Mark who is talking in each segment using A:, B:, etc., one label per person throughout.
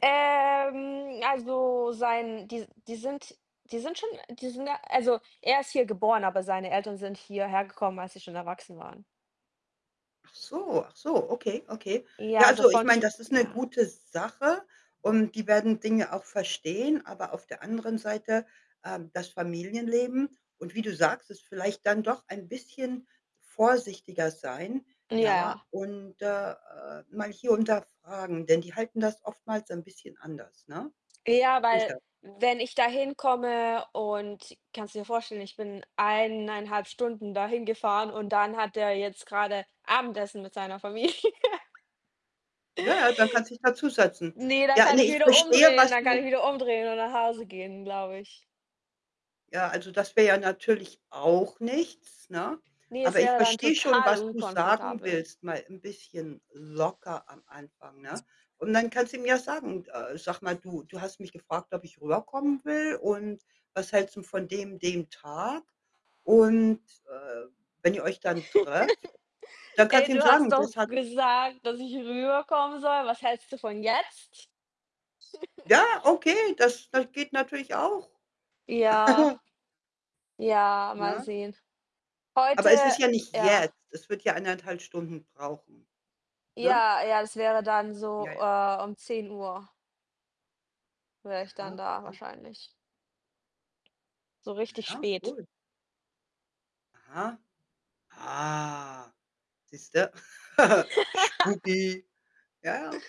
A: Ähm, also sein, die s die sind die sind schon die sind da, äh also er ist hier geboren, aber seine Eltern sind hierher gekommen, als sie schon erwachsen waren.
B: Ach so, ach so, okay, okay.
A: Ja,
B: Ja,
A: also
B: also ich
A: von
B: meine,
A: zu
B: das ist 'ne
A: ja.
B: gute Sache und die werden Dinge auch verstehen, aber auf der anderen Seite, ähm, das Familienleben und wie du sagst, es vielleicht dann doch ein bisschen vorsichtiger sein, ja,
A: Ja.
B: und, äh, äh, mal hier und da fragen, denn die halten das oftmals 'n bisschen anders, ne?
A: Ja, weil,
B: Sicher.
A: wenn ich da hinkomme und kannst du dir vorstellen, ich bin 1,5 Stunden da hingefahren und dann hat der jetzt gerade Abendessen mit seiner Familie.
B: Ja ja, da kannst dich da zusetzen.
A: Ne, dann
B: Ja,
A: kann
B: ne,
A: ich
B: ich
A: wieder
B: verstehe,
A: umdrehen,
B: was
A: dann kann ich
B: du
A: wieder umdrehen und nach Hause gehen, glaube ich.
B: Ja, also das wäre ja natürlich auch nichts, ne?
A: Ne, es
B: Aber ich
A: wäre dann
B: verstehe schon,
A: total
B: was du sagen
A: unkomfortabel.
B: willst, mal 'n bisschen locker am Anfang, ne? Und dann kannst ihm ja sagen: „Äh, sag mal, du du hast mich gefragt, ob ich rüberkommen will und was hältst 'n von dem dem Tag?“ Und, äh, wenn ihr euch dann trefft, dann kannst
A: „Ey,
B: du ihm
A: du hast
B: sagen,
A: doch
B: das hat
A: gesagt, dass ich rüberkommen soll. Was hältst du von jetzt?“
B: Ja, okay, das das geht natürlich auch.
A: Ja. Ja, mal
B: Ja?
A: sehen. Heute
B: Aber es ist ja nicht
A: ja.
B: jetzt. Es wird ja 1 1/2 Stunden brauchen, ne?
A: Ja, ja, das wäre dann so,
B: Ja, ja.
A: äh, um 10:00 wäre ich dann
B: Aha,
A: da
B: aha.
A: wahrscheinlich. So
B: Na
A: richtig
B: ja,
A: spät.
B: gut. Aha, ah. Siehst du, spooky. Ja, ja.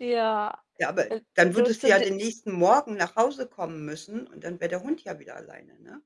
A: Ja,
B: Ja, aber
A: äh,
B: dann
A: so
B: würdest du
A: zu
B: ja
A: d
B: den
A: s
B: nächsten Morgen nach Hause kommen müssen und dann wäre der Hund ja wieder alleine, ne?